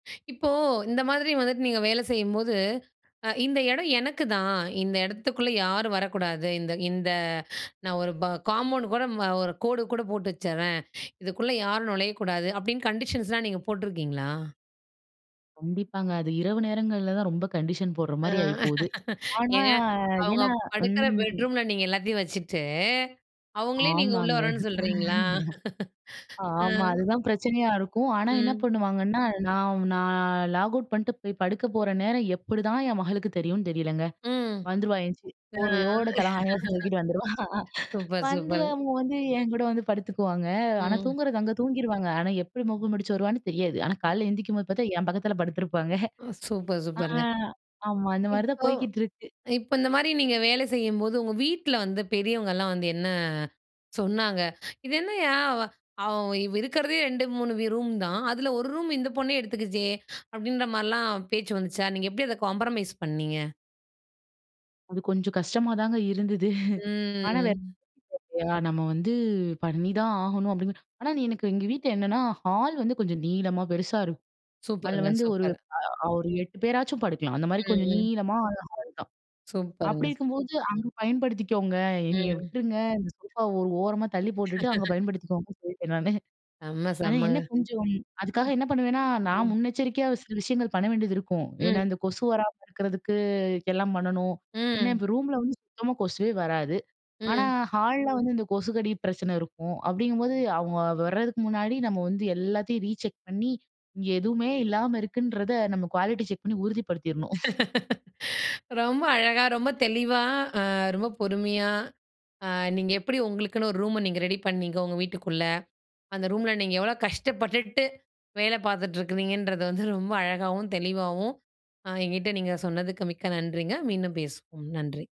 இப்போ, இந்த மாதிரி வந்துட்டு நீங்க வேல செய்யும்போது அ "இந்த எடம் எனக்குதான். இந்த எடத்துக்குள்ள யாரும் வரக்கூடாது. இந்த இந்த நான் ஒரு ப காம்பவுண்ட் கூட ம் ஒரு கோடு கூட போட்டு வச்சிட்றேன். இதுக்குள்ள யாரும் நுழையக்கூடாது!" அப்டின்னு கண்டிஷன்ஸ்லாம் நீங்க போட்ருக்கீங்களா? கண்டிப்பாங்க. அது இரவு நேரங்கள்ல தான் ரொம்ப கண்டிஷன் போடுற அ, மாரி ஆயிப்போவுது. ஆனா, ஏன்! அவங்க ஏன்னா படுக்குற ம். பெட்ரூமுல நீங்க எல்லாத்தையும் வச்சுட்டு, அவங்களே நீங்க உள்ள ஆமாங்க. வரன்னு சொல்றீங்களா? அ. ஆமா. அதுதான் பிரச்சனையா இருக்கும். ஆனா என்ன ம். பண்ணுவாங்கன்னா, நான் நான் லாக் அவுட் பண்ணிட்டு போய் படுக்கப்போற நேரம் எப்படிதான் என் மகளுக்கு தெரியும்னு தெரியலங்க! ம். வந்துருவா. எந்திச்சி அ, போர்வையோட, தலகாணியோட தூக்கிட்டு வந்துருவா. சூப்பர், வந்து, சூப்பர்! அவங்க வந்து, என்கூட வந்து படுத்துக்குவாங்க. ஆனா ம். தூங்குறது அங்க தூங்கிருவாங்க, ஆனா எப்படி மோப்பம் புடிச்சு வருவான்னு தெரியாது. ஆனா காலையில எந்திக்கும்போது பாத்தா என் பக்கத்துல படுத்துருப்பாங்க. ம், சூப்பர் ஆ, சூப்பர்ங்க. ஆமா அந்த மாரி தான் இப்போ, போய்க்கிட்டு இருக்கு. இப்போ இந்த மாரி நீங்க வேல செய்யும்போது உங்க வீட்டுல வந்து பெரியவங்கள்லாம் வந்து என்ன சொன்னாங்க? "இது என்னய்யா! அவ அவ் இருக்குறதே 2,3 வி ரூம் தான். அதுல ஒரு ரூம் இந்த பொண்ணே எடுத்துக்குச்சே!" அப்படின்ற மாதிரிலாம் பேச்சு வந்துச்சா? நீங்க எப்படி அத காம்பரமைஸ் பண்ணீங்க? அது கொஞ்சம் கஷ்டமாதாங்க இருந்தது. ஆனா வேற ம். வழி இல்லையா, நம்ம வந்து பண்ணிதான் ஆகணும் அப்படின்னு. ஆனா நீ எனக்கு எங்க வீட்டுல என்னன்னா, ஹால் வந்து கொஞ்சம் நீளமா பெருசா இருக்கும். அதில சூப்பருங்க. வந்து ஒரு சூப்பர்! அ ஒரு 8 பேராச்சும் படுக்கலாம். அந்த மாரி கொஞ்சம் ம். ம். நீளமான ஹால் தான். அப்படி சூப்பர்ங்க! இருக்கும்போது, "அங்க பயன்படுத்திக்கோங்க. என்னைய ம். விட்டுருங்க இந்த சோஃபாவ ஒரு ஓரமா தள்ளி போட்டுட்டு அங்க பயன்படுத்திக்கோங்கன்னு." சொல்லிட்டேன் நானு. செம்ம, ஆனா, செம்மங்க! என்ன கொஞ்சம் அதுக்காக என்ன பண்ணுவேன்னா ம். நான் ம். முன்னெச்சரிக்கையா சில விஷயங்கள் பண்ண வேண்டியது இருக்கும். ஏன்னா, ம். இந்த கொசு வராம இருக்கிறதுக்கு எல்லாம் பண்ணணும். ஏன்னா, அ. இப்போ ரூம்ல வந்து சுத்தமா கொசுவே வராது. ஆனா அ. ஹால்ல வந்து இந்த கொசுக்கடி பிரச்சனை இருக்கும் அப்படிங்கும்போது அவங்க வர்றதுக்கு முன்னாடி நம்ம வந்து எல்லாத்தையும் ரீசெக் பண்ணி இங்க எதுவுமே இல்லாம இருக்குன்றத நம்ம குவாலிட்டி செக் பண்ணி உறுதிப்படுத்திரணும். ரொம்ப அழகா, ரொம்ப தெளிவா, அ ரொம்ப பொறுமையா அ நீங்க எப்படி உங்களுக்குன்னு ஒரு ரூம நீங்க ரெடி பண்ணீங்க? உங்க வீட்டுக்குள்ள. அந்த ரூமுல நீங்க எவ்வளோ கஷ்டப்பட்டுட்டு வேல பாத்துட்டு இருக்கிறீங்கன்றது, வந்து ரொம்ப அழகாகவும், தெளிவாகவும் ஆ என்கிட்ட நீங்க சொன்னதுக்கு மிக்க நன்றிங்க. மீண்டும் பேசுவோம். நன்றி.